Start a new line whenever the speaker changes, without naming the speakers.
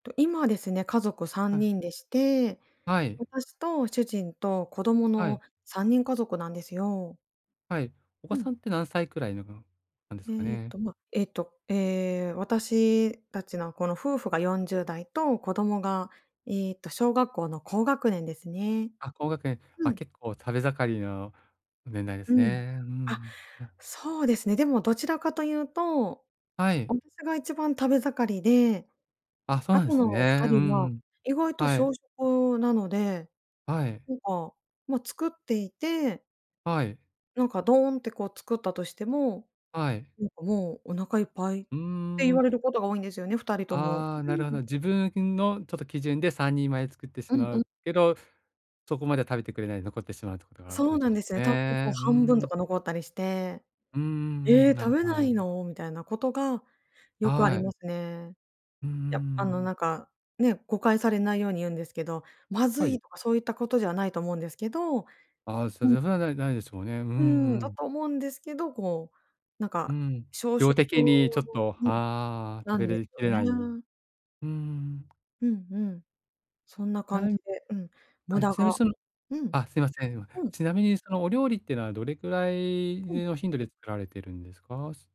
と、今ですね、家族さ
は
ん
い。
にんでして、
はい。
私と主人と子供
は
の
い。
3人家族なんですよ。
はい、お
う
子
ん。
さんって何歳くらいのなんですか
えっ
ね？
と、まあ、えっと、ええ、私たちのこの夫婦が40代と子供が、えっと、小学校の高学年ですね。
あ、高学年
う
は
ん。
結構食べ盛りの年代で
う
す
ん。
ね。う
あ、
ん。あ。
そうですね。でもどちらかというと、
はい。
私が一番食べ盛りで、
あ、そう
あ
なんで
と
す
のふた
ね。う
りは
ん、
意外と
は
少
い。
食なので
はい。
なんか、ま、作っていて
はい。
なんかドンってこう作ったとしても、
はい。
なんか「もうお腹いっぱい」っ
うー
て言
ん。
われることが多いんですよね、2人とも。
ああ、なるほ
う
ど。
ん。
自分のちょっと基準で3人前作ってし
うん
ま
うん。
うけど、そこまでは食べてくれないで残ってしまうということは、
そ
お
う
いと
な
い
ん
て
ですよね。たまにこう
ね。う
半分と
ん。
か残ったりして。
うんうん
え
うん、
え、
なる
食
ほ
べ
どなる
な
ほど。
いの？みたいなことがよくあ
は
りま
い。
すね。
うんうん
やあ
うん。
のなんかね、誤解されないように言うんですけど、まず
は
い
い。
とかそういったことではないと思うんですけど、
ああ、そ
うん。
ぜふなな、ないですもんね。うんう
うん。だ
ん。
と思うんですけど、こう、なん
う
か
ん。
小
量
食
的にちょっと、
うん。
はあ、食
なん
べ
です
れき
よ
れない、
ね。
うーん。
うんうん。そんな感
だい
じ
ぶ
で、うん。無
はい。
駄
ちなみに
が
その
うん。
あ、すいません。今。
うん。
ちなみにそのお料理っていうのはどれくらい
うん。
の頻度で作られているんですか？